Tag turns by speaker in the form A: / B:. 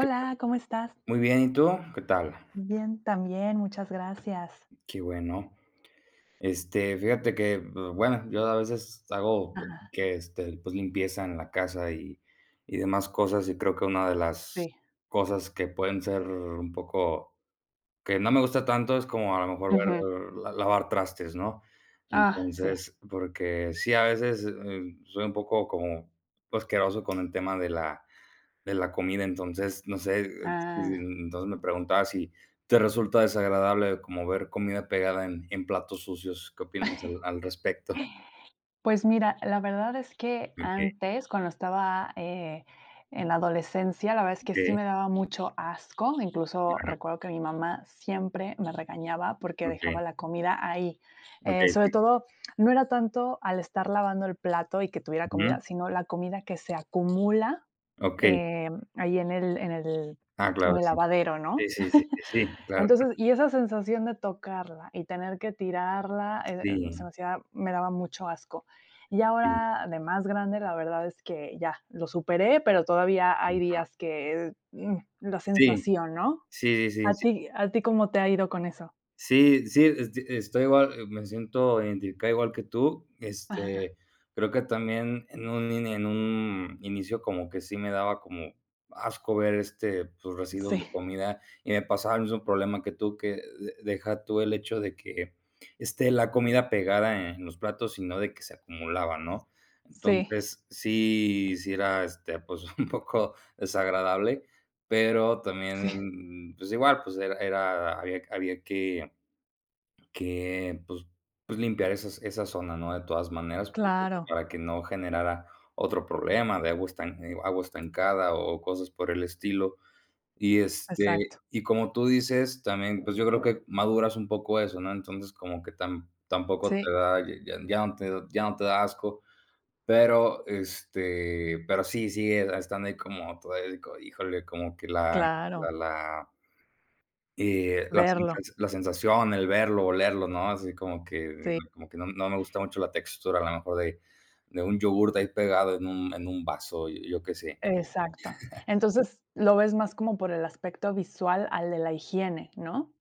A: ¿Qué tal?
B: ¿cómo estás?
A: Muy bien, ¿y tú? ¿Qué tal?
B: Bien, también, muchas gracias.
A: Qué bueno, este, fíjate que, bueno, yo a veces hago
B: Ajá.
A: que, este, pues limpieza en la casa, y y demás cosas, y creo que una de las
B: Sí.
A: cosas que pueden ser un poco, que no me gusta tanto, es como a lo mejor,
B: Ujú.
A: eh, la lavar trastes, ¿no?,
B: Ah, sí.
A: entonces, porque sí a veces, eh, soy un poco como asqueroso con el tema de la de la comida, entonces, no sé,
B: Ah.
A: mm, entonces me preguntaba si te resulta desagradable como ver comida pegada en en platos sucios, ¿qué opinas al al respecto?
B: Pues mira, la verdad es que
A: Okey.
B: antes, cuando estaba, eh, en la adolescencia, la verdad es que sí
A: Okey.
B: me daba mucho asco, incluso
A: Ujú.
B: recuerdo que mi mamá siempre me regañaba, porque dejaba
A: Okey.
B: la comida ahí, eh,
A: Okey, sí.
B: sobre todo, no era tanto al estar lavando el plato y que tuviera
A: Ujú.
B: comida, sino la comida que se acumula,
A: Okey.
B: eh, ahí en el en el
A: Ah, claro,
B: en el
A: sí,
B: lavadero,
A: sí,
B: ¿no?,
A: sí, sí, sí, claro.
B: entonces, y esa sensación de tocarla y tener que tirarla, eh eh, se
A: Sí.
B: me hacía me daba mucho asco, y
A: Sí.
B: ahora, de más grande, la verdad es que ya, lo superé, pero todavía hay
A: [unintelligible]
B: días que, mm, la
A: Sí.
B: sensación, ¿no?,
A: Sí, sí,
B: a
A: sí.
B: ti a ti, ¿cómo te ha ido con eso?
A: Sí sí, esto estoy igual, me siento identificado igual que tú,
B: Ajá.
A: este, creo que también en un i en un inicio como que sí me daba como asco ver, este, pues, residuos de
B: Sí.
A: comida, y me pasaba el mismo problema que tú, que de deja tú el hecho de que, esté la comida pegada en los platos, sino de que se acumulaba, ¿no?,
B: Sí.
A: entonces, sí, sí era, este, pues, un poco desagradable, pero
B: Sí.
A: también, pues igual, pues era era, había había que que, pues pues limpiar esas esa zona, ¿no?, de todas maneras,
B: Claro.
A: para que no generara otro problema de agua estan agua estancada o cosas por el estilo, y este,
B: Exacto.
A: y como tú dices, también, pues, yo creo que maduras un poco eso, ¿no?, entonces, como que tam tampoco te
B: Sí.
A: da, ya ya no te ya no te da asco, pero, este, pero sí, sigue estando ahí como todavía, híjole, como que la la
B: Claro.
A: la eh, la
B: Verlo.
A: sensa la sensación, el verlo, olerlo, ¿no?, así como que
B: Sí.
A: como que no no me gusta mucho la textura, a lo mejor de de un yogur de ahí pegado en un en un vaso, yo qué sé.
B: Exacto, entonces, lo ves más como por el aspecto visual al de la higiene, ¿no?